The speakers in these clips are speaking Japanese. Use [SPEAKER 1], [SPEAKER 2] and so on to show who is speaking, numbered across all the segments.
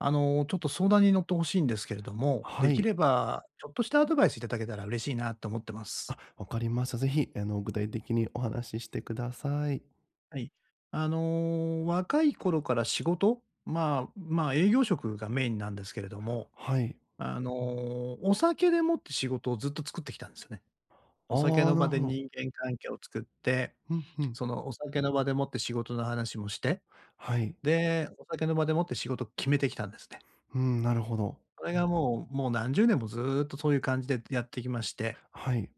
[SPEAKER 1] あの、ちょっと相談に乗って欲しいんですけれども、で
[SPEAKER 2] は
[SPEAKER 1] き
[SPEAKER 2] い。
[SPEAKER 1] ればちょっとしたアドバイスいただけたら嬉しいなと思ってます。
[SPEAKER 2] あ、分かりました。是非あの、具体的にお話ししてください。
[SPEAKER 1] はい。あの若い頃から仕事、まあまあ、営業職がメインなんですけれども、
[SPEAKER 2] はい。
[SPEAKER 1] あの、お酒でもって仕事をずっと作ってきたんですよね。お
[SPEAKER 2] あ
[SPEAKER 1] 酒
[SPEAKER 2] あ、
[SPEAKER 1] の
[SPEAKER 2] なる
[SPEAKER 1] 場で
[SPEAKER 2] ほど。
[SPEAKER 1] 人間関係を作って、
[SPEAKER 2] ふんふん。
[SPEAKER 1] そのお酒の場でもって仕事の話もして、
[SPEAKER 2] はい。
[SPEAKER 1] で、お酒の場でもって仕事を決めてきたんですね。
[SPEAKER 2] うん、なるほど。
[SPEAKER 1] それがもう、もう何十年もずっとそういう感じでやってきまして。
[SPEAKER 2] はい。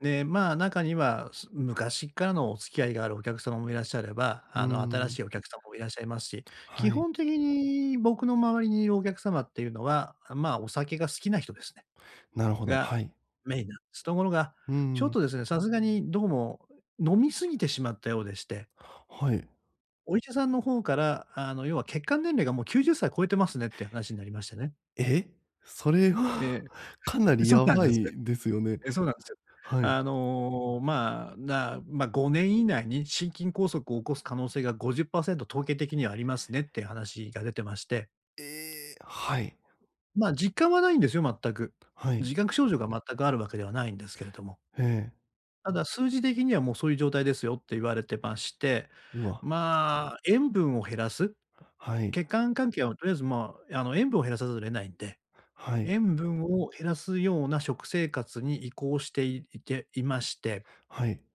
[SPEAKER 1] で、まあ、中には、す昔からのお付き合いがあるお客様もいらっしゃれば、
[SPEAKER 2] うー
[SPEAKER 1] あの、新
[SPEAKER 2] ん。
[SPEAKER 1] しいお客様もいらっしゃいますし、基
[SPEAKER 2] はい。
[SPEAKER 1] 本的に僕の周りにいるお客様っていうのは、まあ、お酒が好きな人ですね。
[SPEAKER 2] なるほど。は
[SPEAKER 1] が
[SPEAKER 2] い。
[SPEAKER 1] メインなんです。ところが、
[SPEAKER 2] うー
[SPEAKER 1] ちょっ
[SPEAKER 2] ん。
[SPEAKER 1] とですね、さすがにどうも飲み過ぎてしまったようでして。
[SPEAKER 2] はい。
[SPEAKER 1] お医者さんの方から、あの要は、血管年齢がもう90歳超えてますねっていう話になりましてね。
[SPEAKER 2] え。それは
[SPEAKER 1] え
[SPEAKER 2] かな
[SPEAKER 1] え。
[SPEAKER 2] り
[SPEAKER 1] そう
[SPEAKER 2] や
[SPEAKER 1] なん
[SPEAKER 2] ば
[SPEAKER 1] です。
[SPEAKER 2] いですよね。
[SPEAKER 1] ええ、そうなんですよ。
[SPEAKER 2] はい。
[SPEAKER 1] あの、まあ、な、ま、5年以内に心筋梗塞を起こす可能性が50%統計的にはありますねっていう話が出てまして。
[SPEAKER 2] ええ。はい。
[SPEAKER 1] ま、実感はないんですよ、全く。
[SPEAKER 2] はい。
[SPEAKER 1] 自覚症状が全くあるわけではないんですけれども。
[SPEAKER 2] ええ。
[SPEAKER 1] 「ただ数字的にはもうそういう状態ですよ」って言われてまして、
[SPEAKER 2] うわ。
[SPEAKER 1] まあ、塩分を減らす、
[SPEAKER 2] はい。
[SPEAKER 1] 血管関係はとりあえず、まあ、あの塩分を減らさざるを得ないんで、
[SPEAKER 2] はい。
[SPEAKER 1] 塩分を減らすような食生活に移行していていまして。
[SPEAKER 2] はい。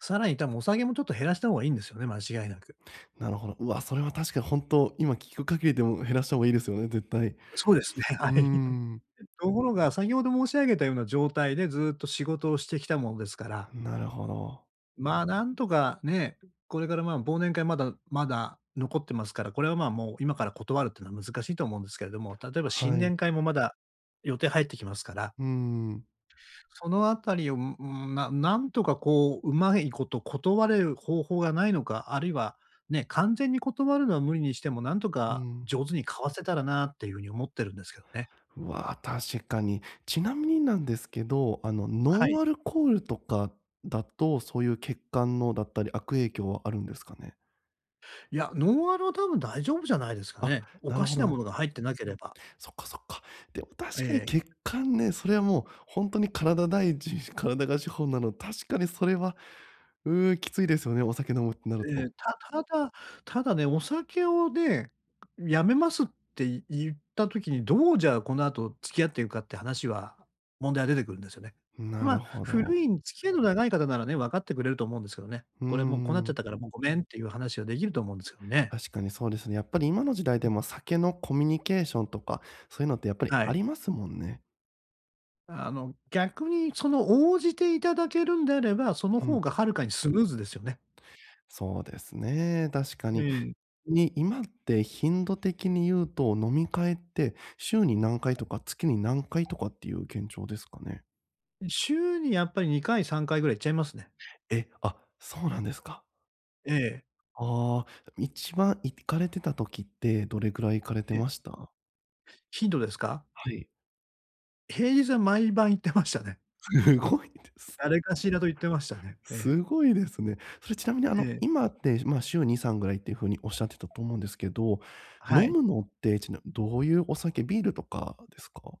[SPEAKER 1] さらに多分、お酒もちょっと減らした方がいいんですよね、間違いなく。
[SPEAKER 2] なるほど。うわ、それは確かに本当、今聞く限りでも減らした方がいいですよね、絶対。う
[SPEAKER 1] そうですね。は
[SPEAKER 2] ー
[SPEAKER 1] い。
[SPEAKER 2] ん。
[SPEAKER 1] ところが先ほど申し上げたような状態でずっと仕事をしてきたものですから。
[SPEAKER 2] なるほど。
[SPEAKER 1] まあ、なんとかね、これから、ま、忘年会まだまだ残ってますから、これは、まあ、もう今から断るっていうのは難しいと思うんですけれども、例えば新
[SPEAKER 2] はい。
[SPEAKER 1] 年会もまだ予定入ってきますから。
[SPEAKER 2] うーん。
[SPEAKER 1] そのあたりを、ううん、ななんとかこう上手いこと断れる方法がないのか、あるいはね、完全に断るのは無理にしてもなんと
[SPEAKER 2] う
[SPEAKER 1] か
[SPEAKER 2] ん。
[SPEAKER 1] 上手に交わせたらなっていう風に思ってるんですけどね。
[SPEAKER 2] わあ、確かに。ちなみになんですけど、あのノ
[SPEAKER 1] はい。
[SPEAKER 2] ンアルコールとかだと、そういう血管のだったり、悪影響はあるんですかね？
[SPEAKER 1] いや、ノンアルは多分大丈夫じゃないですか
[SPEAKER 2] あ、
[SPEAKER 1] ね。お
[SPEAKER 2] な
[SPEAKER 1] か
[SPEAKER 2] るほ
[SPEAKER 1] し
[SPEAKER 2] ど
[SPEAKER 1] な
[SPEAKER 2] な。
[SPEAKER 1] ものが入ってなければ。
[SPEAKER 2] そっかそっか。でも
[SPEAKER 1] え
[SPEAKER 2] 確かに
[SPEAKER 1] え。
[SPEAKER 2] 血管ね、それはもう、ほんとに体第一、し体が資本なの確かにそれは。うーん、きついですよね、お酒飲むってなる
[SPEAKER 1] ええ、
[SPEAKER 2] と。
[SPEAKER 1] たただ、ただね、お酒をね、辞めますってい言った時にどうじゃあこの後付き合っていくかっていう話は、問題が出てくるんですよね。
[SPEAKER 2] ん、な
[SPEAKER 1] ま
[SPEAKER 2] る
[SPEAKER 1] あ
[SPEAKER 2] ほど。
[SPEAKER 1] 古い、付き合いの長い方ならね、分かってくれると思うんですけどね。
[SPEAKER 2] うー
[SPEAKER 1] これもうこうなっちゃっ
[SPEAKER 2] ん。
[SPEAKER 1] たからもうごめんっていう話はできると思うんですけどね。
[SPEAKER 2] 確かにそうですね。やっぱり今の時代
[SPEAKER 1] う
[SPEAKER 2] で
[SPEAKER 1] ん。
[SPEAKER 2] も、酒のコミュニケーションとか、そういうのってやっぱり
[SPEAKER 1] は
[SPEAKER 2] あ
[SPEAKER 1] い。
[SPEAKER 2] りますもんね。
[SPEAKER 1] あの逆に、その応じていただけるんであれば、その
[SPEAKER 2] う
[SPEAKER 1] ほう
[SPEAKER 2] ん。
[SPEAKER 1] がはるかにスムーズですよね。
[SPEAKER 2] そうですね、確か
[SPEAKER 1] え
[SPEAKER 2] に。
[SPEAKER 1] え。
[SPEAKER 2] に今って、頻度的に言うと、飲み会って、週に何回とか月に何回とかっていう現状ですかね？
[SPEAKER 1] ん、週にやっぱり2回3回ぐらい行っちゃいますね。
[SPEAKER 2] え、あ、そうなんですか。
[SPEAKER 1] ええ。
[SPEAKER 2] ああ。一番行かれてた時って、どれくらい行かれて
[SPEAKER 1] ええ。
[SPEAKER 2] ました？
[SPEAKER 1] 頻度ですか？
[SPEAKER 2] はい。
[SPEAKER 1] 平日は毎晩行ってましたね。
[SPEAKER 2] すごいですね。
[SPEAKER 1] 誰かしらと行ってましたね。ええ。
[SPEAKER 2] すごいですね。それちなみに、あ
[SPEAKER 1] え
[SPEAKER 2] の、
[SPEAKER 1] え。
[SPEAKER 2] 今って、ま、週2、3ぐらいっていう風におっしゃってたと思うんですけど、
[SPEAKER 1] は
[SPEAKER 2] 飲
[SPEAKER 1] い。
[SPEAKER 2] むのって、ちなみにどういうお酒、ビールとかですか？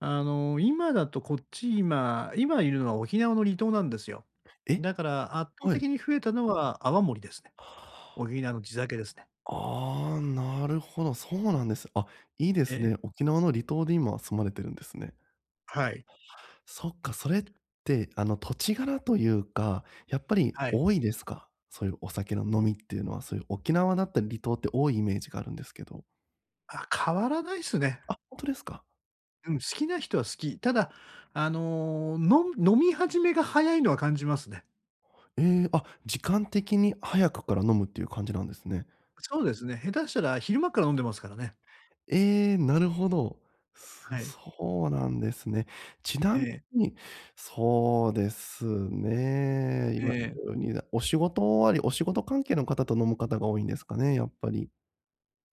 [SPEAKER 1] あの、今だと、こっち今今いるのは沖縄の離島なんですよ。
[SPEAKER 2] え、
[SPEAKER 1] だから圧倒
[SPEAKER 2] はい。
[SPEAKER 1] 的に増えたのは泡盛ですね。沖縄の地酒ですね。
[SPEAKER 2] ああ、なるほど、そうなんです。あ、いいで
[SPEAKER 1] え
[SPEAKER 2] す
[SPEAKER 1] え。
[SPEAKER 2] ね。沖縄の離島で今、住まれてるんですね。
[SPEAKER 1] はい。
[SPEAKER 2] そっか、それって、あの、土地柄というか、やっぱり
[SPEAKER 1] はい。
[SPEAKER 2] 多いですか？そういうお酒の飲みっていうのは、そういう沖縄だったり離島って多いイメージがあるんですけど。
[SPEAKER 1] あ、変わらないっすね。
[SPEAKER 2] あ、ほんとですか？
[SPEAKER 1] うん、好きな人は好き。ただ、あの、のん飲み始めが早いのは感じますね。
[SPEAKER 2] ええ、あ、時間的に早くから飲むっていう感じなんですね。
[SPEAKER 1] そうですね。下手したら昼間から飲んでますからね。
[SPEAKER 2] ええ、なるほど。す
[SPEAKER 1] はい。
[SPEAKER 2] そうなんですね。ち
[SPEAKER 1] え
[SPEAKER 2] なみ
[SPEAKER 1] え。
[SPEAKER 2] に、そうですね。
[SPEAKER 1] え
[SPEAKER 2] 今
[SPEAKER 1] え。
[SPEAKER 2] お仕事終わりお仕事関係の方と飲む方が多いんですかね、やっぱり？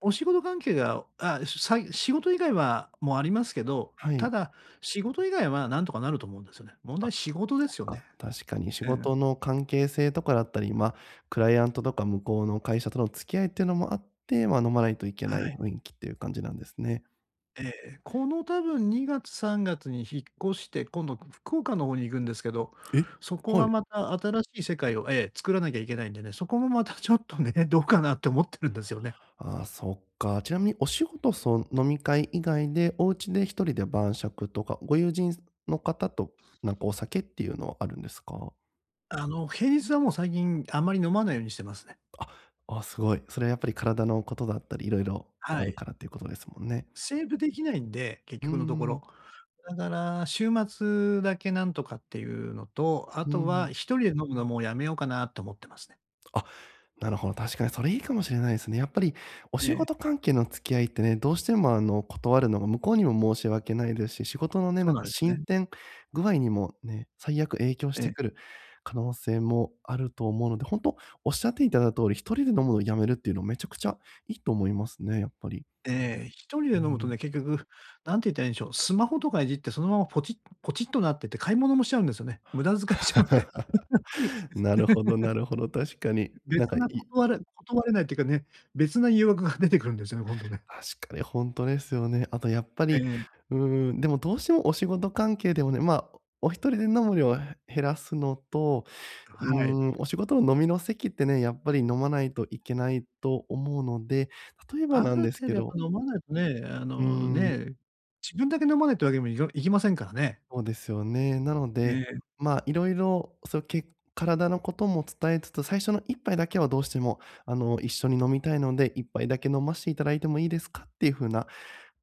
[SPEAKER 1] お仕事関係が、あ、さい仕事以外はもありますけど、
[SPEAKER 2] は
[SPEAKER 1] た
[SPEAKER 2] い。
[SPEAKER 1] だ仕事以外は何とかなると思うんですよね。問
[SPEAKER 2] あ、
[SPEAKER 1] 題仕事で
[SPEAKER 2] そっ
[SPEAKER 1] すよね。
[SPEAKER 2] か。確かに仕
[SPEAKER 1] ええ。
[SPEAKER 2] 事の関係性とかだったり、ま、クライアントとか向こうの会社との付き合いっていうのもあって、ま、飲まないといけ
[SPEAKER 1] は
[SPEAKER 2] ない
[SPEAKER 1] い。
[SPEAKER 2] 雰囲気っていう感じなんですね。
[SPEAKER 1] ええ、この多分2月3月に引っ越して、今度福岡の方に行くんですけど、
[SPEAKER 2] え、
[SPEAKER 1] そこ
[SPEAKER 2] は
[SPEAKER 1] は
[SPEAKER 2] い。
[SPEAKER 1] また新しい世界を、ええ、作らなきゃいけないんでね。そこもまたちょっとね、どうかなって思ってるんですよね。
[SPEAKER 2] ああ、そっか。ちなみにお仕事そ飲み会以外で、お家で一人で晩酌とか、ご友人の方と、なんかお酒っていうのはあるんですか？
[SPEAKER 1] あの平日はもう最近あんまり飲まないようにしてますね。
[SPEAKER 2] あ、ああ、すごい。それはやっぱり体のことだったり、色々
[SPEAKER 1] は
[SPEAKER 2] ある
[SPEAKER 1] い。
[SPEAKER 2] からっていうことですもんね。
[SPEAKER 1] セーブできないんで、結
[SPEAKER 2] うー
[SPEAKER 1] 局のところ。
[SPEAKER 2] ん。
[SPEAKER 1] だから週末だけなんとかっていうのと、あ
[SPEAKER 2] うー
[SPEAKER 1] とは
[SPEAKER 2] ん。
[SPEAKER 1] 一人で飲むのもうやめようかなと思ってますね。
[SPEAKER 2] あ、なるほど。確かにそれいいかもしれないですね。やっぱりお
[SPEAKER 1] え
[SPEAKER 2] 仕
[SPEAKER 1] え。
[SPEAKER 2] 事関係の付き合いってね、どうしてもあの断るのが向こうにも申し訳ないですし、仕事のね、
[SPEAKER 1] そう
[SPEAKER 2] なん
[SPEAKER 1] なん
[SPEAKER 2] か
[SPEAKER 1] です
[SPEAKER 2] 進
[SPEAKER 1] ね。
[SPEAKER 2] 展具合にもね、最悪影響し
[SPEAKER 1] え
[SPEAKER 2] て
[SPEAKER 1] え。
[SPEAKER 2] くる可能性もあると思うので、本当おっしゃっていただいた通り、一人で飲むのを止めるっていうのはめちゃくちゃいいと思いますね、やっぱり。
[SPEAKER 1] ええ、一人で
[SPEAKER 2] う
[SPEAKER 1] 飲むと
[SPEAKER 2] ん。
[SPEAKER 1] ね、結局何て言ったらいいんでしょう、スマホとかいじって、そのままポチポチッとなってて、買い物もしちゃうんですよね。無駄遣いしちゃうんで。
[SPEAKER 2] なるほど、なるほど。確かに。なん
[SPEAKER 1] 別
[SPEAKER 2] か。
[SPEAKER 1] なこ
[SPEAKER 2] い
[SPEAKER 1] とわれ断れないっていうかね、別な誘惑が出てくるんですよね、今度ね。
[SPEAKER 2] 確かにほんとですよね。あとやっぱ
[SPEAKER 1] え
[SPEAKER 2] り、
[SPEAKER 1] え。
[SPEAKER 2] うーん、でもどうしてもお仕事関係でもね、ま、お一人で飲む量を減らすのと、うー
[SPEAKER 1] はい。
[SPEAKER 2] ん、お仕事の飲みの席ってね、やっぱり飲まないといけないと思うので、例えば
[SPEAKER 1] あ
[SPEAKER 2] な
[SPEAKER 1] る
[SPEAKER 2] んです
[SPEAKER 1] 程
[SPEAKER 2] け
[SPEAKER 1] 度やっぱ
[SPEAKER 2] ど
[SPEAKER 1] 飲まないとね、あ
[SPEAKER 2] う
[SPEAKER 1] の
[SPEAKER 2] ーん。
[SPEAKER 1] ね、自分だけ飲まないっていうわけにもいかいきませんからね。
[SPEAKER 2] そうですよね。なの
[SPEAKER 1] え
[SPEAKER 2] で、
[SPEAKER 1] え。
[SPEAKER 2] ま、色々、その、け体のことも伝えつつ、最初の1杯だけはどうしてもあの一緒に飲みたいので、1杯だけ飲まして頂いてもいいですかっていう風な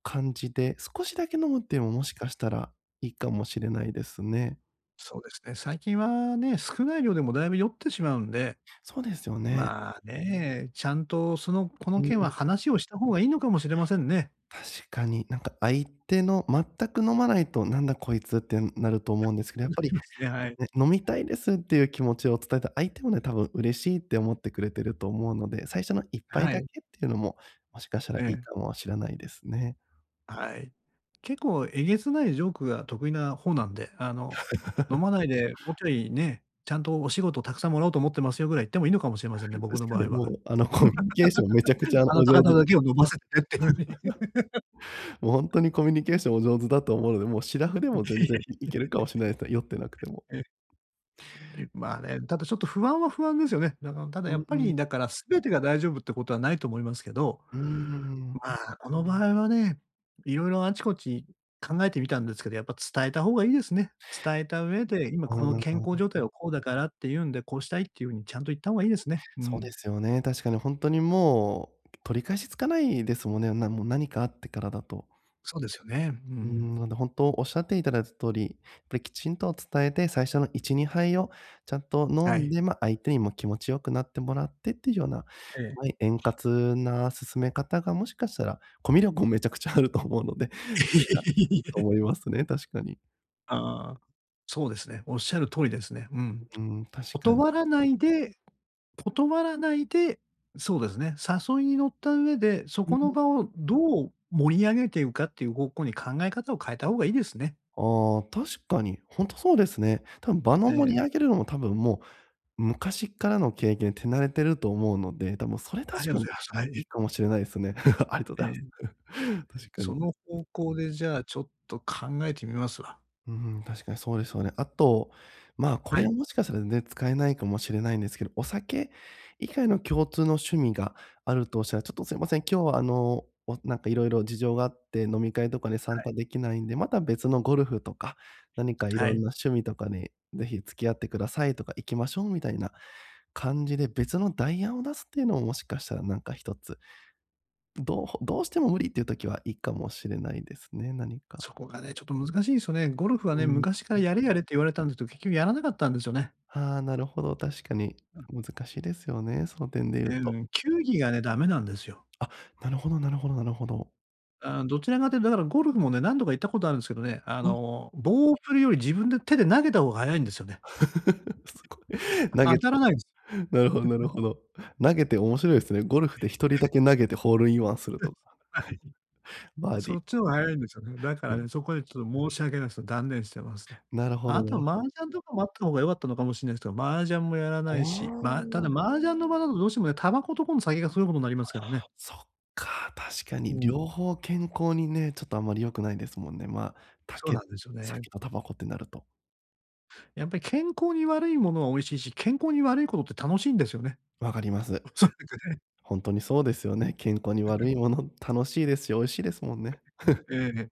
[SPEAKER 2] 感じで、少しだけ飲むっていうのも、もしかしたらいいかもしれないですね。
[SPEAKER 1] そうですね。最近はね、少ない量でもだいぶ酔ってしまうんで、
[SPEAKER 2] そうですよね。
[SPEAKER 1] まあね、ちゃんと、その、こ
[SPEAKER 2] う
[SPEAKER 1] の件は
[SPEAKER 2] ん。
[SPEAKER 1] 話をした方がいいのかもしれませんね。
[SPEAKER 2] 確かに。なんか相手の全く飲まないと、なんだこいつってなると思 うんですけど、
[SPEAKER 1] な
[SPEAKER 2] やっぱ
[SPEAKER 1] り
[SPEAKER 2] り
[SPEAKER 1] ますね、はい。
[SPEAKER 2] ね、飲みたいですっていう気持ちを伝えた、相手もね多分嬉しいって思ってくれてると思うので、最初の1杯
[SPEAKER 1] は
[SPEAKER 2] だ
[SPEAKER 1] い。
[SPEAKER 2] けっていうのも、もしかしたら
[SPEAKER 1] え
[SPEAKER 2] いい
[SPEAKER 1] え。
[SPEAKER 2] かもしれないですね。
[SPEAKER 1] はい。結構、えげつないジョークが得意な方なんで、あの、飲 まないでもうちょいね、ちゃんとお仕事沢山もらおうと思ってますよぐらい言ってもいいのかもしれませんね、僕
[SPEAKER 2] 確
[SPEAKER 1] の
[SPEAKER 2] か
[SPEAKER 1] 場合
[SPEAKER 2] に
[SPEAKER 1] は。
[SPEAKER 2] もう、あの、コミュニケーションめちゃくちゃ
[SPEAKER 1] あ
[SPEAKER 2] お
[SPEAKER 1] なた
[SPEAKER 2] 上
[SPEAKER 1] 方
[SPEAKER 2] 手だ。
[SPEAKER 1] だけを飲ませてっていう風に。
[SPEAKER 2] もうほんとにコミュニケーションお上手だと思うので、もう、素面でも全然 いいけるかもしれないですね。酔ってなくても。
[SPEAKER 1] え。まあね、ただちょっと不安は不安ですよね。だからただ
[SPEAKER 2] う
[SPEAKER 1] やっ
[SPEAKER 2] ん
[SPEAKER 1] ぱ
[SPEAKER 2] う
[SPEAKER 1] り、
[SPEAKER 2] ん。
[SPEAKER 1] だから、全てが大丈夫ってことはないと思いますけど、
[SPEAKER 2] うーん。
[SPEAKER 1] まあ、この場合はね、色々あちこち考えてみたんですけど、やっぱ伝えた方がいいですね。伝えた上で、今
[SPEAKER 2] あ
[SPEAKER 1] この健康
[SPEAKER 2] あ。
[SPEAKER 1] 状態はこうだからって言うんで、こうしたいっていう風にちゃんと言った方がいいですね。う
[SPEAKER 2] そうで
[SPEAKER 1] ん。
[SPEAKER 2] すよね。確かにほんとにもう、取り返しつかないですもんね。なんもう何かあってからだと。
[SPEAKER 1] そうですよね。う
[SPEAKER 2] うー
[SPEAKER 1] ん。
[SPEAKER 2] ん、なんでほんと、仰って頂いた通り、っぱりきちんと伝えて最初の1、2杯をちゃんと飲
[SPEAKER 1] は
[SPEAKER 2] ん
[SPEAKER 1] い。
[SPEAKER 2] で、ま、相手にも気持ち良くなってもらってっていう様な
[SPEAKER 1] ええ。
[SPEAKER 2] 円滑な進め方がもしかしたら、コミュ力もめちゃくちゃあると思うので、それがい
[SPEAKER 1] い
[SPEAKER 2] いと
[SPEAKER 1] え。
[SPEAKER 2] 思いますね、確かに。
[SPEAKER 1] ああ、そうですね。おっしゃる通りですね。うん。
[SPEAKER 2] うん、確かに。
[SPEAKER 1] 断らないで断らないで、そうですね、誘いに乗った上で、そ
[SPEAKER 2] う
[SPEAKER 1] こ
[SPEAKER 2] ん。
[SPEAKER 1] の場をどう盛り上げていうかっていう方向に考え方を変えた方がいいですね。
[SPEAKER 2] ああ、確かに。ほんとそうですね。多分場
[SPEAKER 1] え
[SPEAKER 2] の盛り上
[SPEAKER 1] え。
[SPEAKER 2] げるのも多分もう、昔っからの経験、手慣れてると思うので、多分それ
[SPEAKER 1] あり
[SPEAKER 2] 確
[SPEAKER 1] が
[SPEAKER 2] か
[SPEAKER 1] とうご
[SPEAKER 2] に
[SPEAKER 1] ざいます。は
[SPEAKER 2] い
[SPEAKER 1] い。
[SPEAKER 2] いかもしれないですね。ありと
[SPEAKER 1] ええ、
[SPEAKER 2] だす。
[SPEAKER 1] ええ、
[SPEAKER 2] 確かに、ん
[SPEAKER 1] そ
[SPEAKER 2] ん。
[SPEAKER 1] の方向でじゃあちょっと考えてみますわ。
[SPEAKER 2] うん、確かにそうですよね。あと、まあこ
[SPEAKER 1] は
[SPEAKER 2] れ
[SPEAKER 1] い。
[SPEAKER 2] もしかしたら、全然使えないかもしれないんですけど、お酒以外の共通の趣味があるとしたら「ちょっとすいません、今日はあの、わなんか色々事情があって、飲み会とかに
[SPEAKER 1] は
[SPEAKER 2] 参
[SPEAKER 1] い。
[SPEAKER 2] 加できないんで、また別のゴルフとか、何かい
[SPEAKER 1] は
[SPEAKER 2] ろん
[SPEAKER 1] い。
[SPEAKER 2] な趣味とかに是非付き合ってください」とか「行きましょう」みたいな感じで、別の代案を出すっていうのも、もしかしたら何か1つどうどうしても無理っていう時はいいかもしれないですね、何か。
[SPEAKER 1] そこがね、ちょっと難しいんすよね。ゴルフは
[SPEAKER 2] う
[SPEAKER 1] ね、
[SPEAKER 2] ーん、
[SPEAKER 1] 昔か
[SPEAKER 2] う
[SPEAKER 1] ら
[SPEAKER 2] ん。
[SPEAKER 1] やれやれって言われたんですど、結局やらなかったんですよね。
[SPEAKER 2] ああ、なるほど、確かに
[SPEAKER 1] うん。
[SPEAKER 2] 難しいですよね、その点で言
[SPEAKER 1] う
[SPEAKER 2] うと。
[SPEAKER 1] ん。球技がね、ダメなんですよ。
[SPEAKER 2] あ、なるほどなるほどなるほど。
[SPEAKER 1] ああ、どちらかというと、だからゴルフもね、何度か行ったことあるんですけどね、あ
[SPEAKER 2] ぐい。
[SPEAKER 1] の棒を振るより自分で手で投げた方が早いんですよね。
[SPEAKER 2] すごい。
[SPEAKER 1] う
[SPEAKER 2] 投
[SPEAKER 1] あ、当
[SPEAKER 2] げて。
[SPEAKER 1] たらないす。
[SPEAKER 2] なるほどなる ほど。投げて面白いですね。ゴルフで1人だけ投げてホールインワンすると か。
[SPEAKER 1] はい。
[SPEAKER 2] バーディ
[SPEAKER 1] そっ
[SPEAKER 2] ー。
[SPEAKER 1] ちの方が早いんですよね。だか
[SPEAKER 2] な
[SPEAKER 1] ら
[SPEAKER 2] る
[SPEAKER 1] ね、そこでちょっと申し訳ないすど断念してますね。
[SPEAKER 2] なるほ
[SPEAKER 1] あ
[SPEAKER 2] ど、な
[SPEAKER 1] と
[SPEAKER 2] る
[SPEAKER 1] は
[SPEAKER 2] ほ
[SPEAKER 1] 麻雀とかもあったほうが良かったのかもしんないすけど、麻雀もやら
[SPEAKER 2] あ
[SPEAKER 1] ないし、ま、ただ
[SPEAKER 2] あ。
[SPEAKER 1] 麻雀の場だとどうしてもね、タバコと今度、酒がすごいことになりますからね。
[SPEAKER 2] そっか、確か
[SPEAKER 1] う
[SPEAKER 2] に
[SPEAKER 1] ん。
[SPEAKER 2] 両方健康にね、ちょっとあんまり良くないですもんね。ま、た
[SPEAKER 1] そうな
[SPEAKER 2] け
[SPEAKER 1] んですよね。
[SPEAKER 2] 酒とタバコってなると。
[SPEAKER 1] やっぱり健康に悪いものは美味しいし、健康に悪いことって楽しいんですよね。
[SPEAKER 2] 分かります。
[SPEAKER 1] おそらくね。
[SPEAKER 2] ほんとにそうですよね。健康に 悪いもの楽しいですし美味しいですもんね。
[SPEAKER 1] うん、ええ。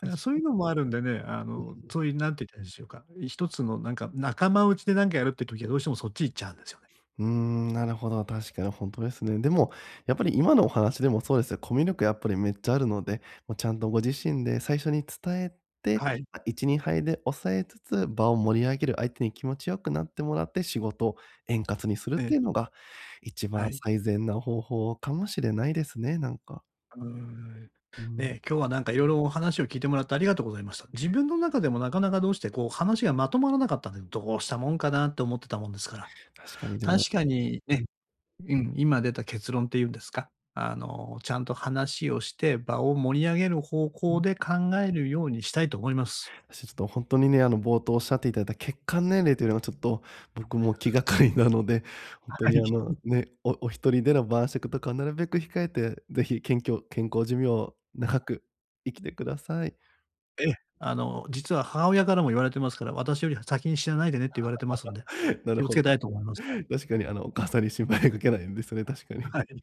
[SPEAKER 1] だか
[SPEAKER 2] 確
[SPEAKER 1] らそう
[SPEAKER 2] か
[SPEAKER 1] い
[SPEAKER 2] に。
[SPEAKER 1] うのもあるんでね、あの、つぉい何て言ったらいいんでしょうか、一つのなんか仲間内でなんかやるっていう時はどうしてもそっち行っちゃうんですよね。
[SPEAKER 2] うーん。なるほど、確かにほんとですね。でもやっぱり今のお話でもそうですよ。コミュ力やっぱりめっちゃあるので、もうちゃんとご自身で最初に伝えて、
[SPEAKER 1] はい。
[SPEAKER 2] あ、1、2杯で抑えつつ、場を盛り上げる相手に気持ち良くなってもらって仕事、円滑にするっ
[SPEAKER 1] え
[SPEAKER 2] てい
[SPEAKER 1] え。
[SPEAKER 2] うのが一
[SPEAKER 1] は
[SPEAKER 2] 番
[SPEAKER 1] い。
[SPEAKER 2] 最善な方法かもしれないですね。なんか。
[SPEAKER 1] うーん。
[SPEAKER 2] う
[SPEAKER 1] え
[SPEAKER 2] ん。
[SPEAKER 1] え、今日はなんか、色々お話を聞いてもらってありがとうございました。自分の中でもなかなかどうして、こう、話がまとまらなかったんで「どうしたもんかな？」って思ってたもんですから。
[SPEAKER 2] 確かにでも
[SPEAKER 1] 確かに
[SPEAKER 2] う
[SPEAKER 1] ね
[SPEAKER 2] ん。
[SPEAKER 1] うん、今出た結論っていうんですか、あの、ちゃんと話をして場を盛り上げる方
[SPEAKER 2] う
[SPEAKER 1] 向
[SPEAKER 2] ん。
[SPEAKER 1] で考えるようにしたいと思います。
[SPEAKER 2] と、ほんとにね、あの、冒頭おっしゃっていただ血管年齢というのはちょっと、僕も気がかりなので。ほん
[SPEAKER 1] あ、
[SPEAKER 2] と
[SPEAKER 1] は
[SPEAKER 2] に
[SPEAKER 1] い。
[SPEAKER 2] あの ね、おおひとりでの晩酌とかはなるべく控えて是非、謙虚健康寿命を長く生きてください。
[SPEAKER 1] ええ。あの、実は母親からも言われてますから。「私よりは先に死なないでね」って言われてますので、
[SPEAKER 2] なる
[SPEAKER 1] 気をつ
[SPEAKER 2] ほど。
[SPEAKER 1] けたいと思います。はい。
[SPEAKER 2] 確かにあの、お母さんに心配かけないようにですよね、確かに。
[SPEAKER 1] あ、はい。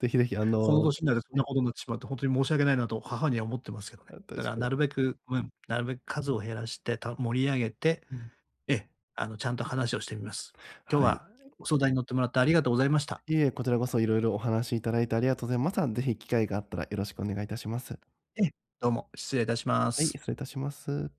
[SPEAKER 2] 是非是非あ
[SPEAKER 1] この
[SPEAKER 2] の
[SPEAKER 1] 年になると
[SPEAKER 2] は
[SPEAKER 1] ね、
[SPEAKER 2] い。
[SPEAKER 1] ほどになってしまうと、ほんとに申し訳ないなと母には思ってますけど
[SPEAKER 2] あ、
[SPEAKER 1] ね。
[SPEAKER 2] 確
[SPEAKER 1] だから
[SPEAKER 2] かに、
[SPEAKER 1] な
[SPEAKER 2] ほ
[SPEAKER 1] る
[SPEAKER 2] ん
[SPEAKER 1] べくうん、なるべく数を減らして、た盛り上げて。
[SPEAKER 2] うん。
[SPEAKER 1] ええ、あのちゃんと話をしてみます。今日
[SPEAKER 2] はい。
[SPEAKER 1] はご相談に乗ってもらってありがとうございました。
[SPEAKER 2] いいえ。こちらこそ色々お話いただいてありがとうございます。あの、是非機会があったらよろしくお願いいたします。
[SPEAKER 1] ええ。どうも、失礼いたしま
[SPEAKER 2] はい、
[SPEAKER 1] す。
[SPEAKER 2] 失礼いたします。